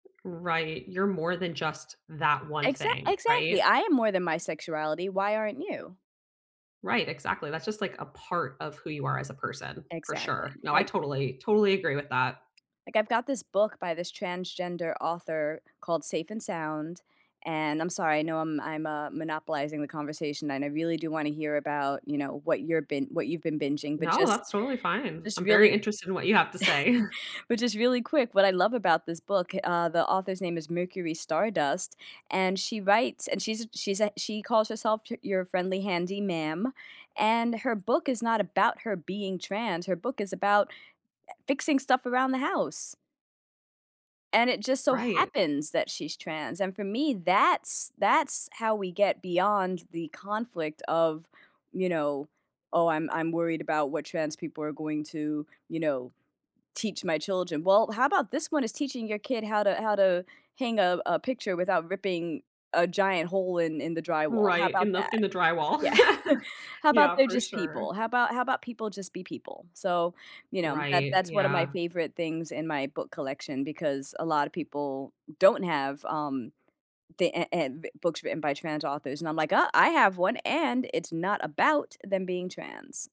Right, you're more than just that one Exact thing, exactly, right? I am more than my sexuality, why aren't you? Right, exactly, that's just, like, a part of who you are as a person. For sure. Exactly, No, I like totally, totally agree with that. like, I've got this book by this transgender author called Safe and Sound, and I'm sorry, I know, um, I'm, uh, monopolizing the conversation, and I really do wanna hear about, you know, what you're been what you've been binging, but No, just, that's totally fine. just I'm very really interested in what you have to say. but just really quick, what I love about this book, uh, the author's name is Mercury Stardust, and she writes and she's a she's a she calls herself y "your friendly handy ma'am," and her book is not about her being trans, her book is about, e fixing stuff around the house and it just so Right. happens that she's trans, and for me, that's that's how we get beyond the conflict of, you know, "Oh, I'm I'm worried about what trans people are going to, you know, teach my children." "Well, how about this one is teaching your kid how to how to hang a a picture without ripping a giant hole in in the drywall, how Right, in about the in that?" the drywall. Yeah. "How about Yeah, they're for just people? sure. How about how about people just be people?" So, you know, that Right, that's one of my yeah. favorite things in my book collection because a lotta people don't have, um, the eh em books written by trans authors, and I'm like, "Uh, I have one, and it's not about them being trans."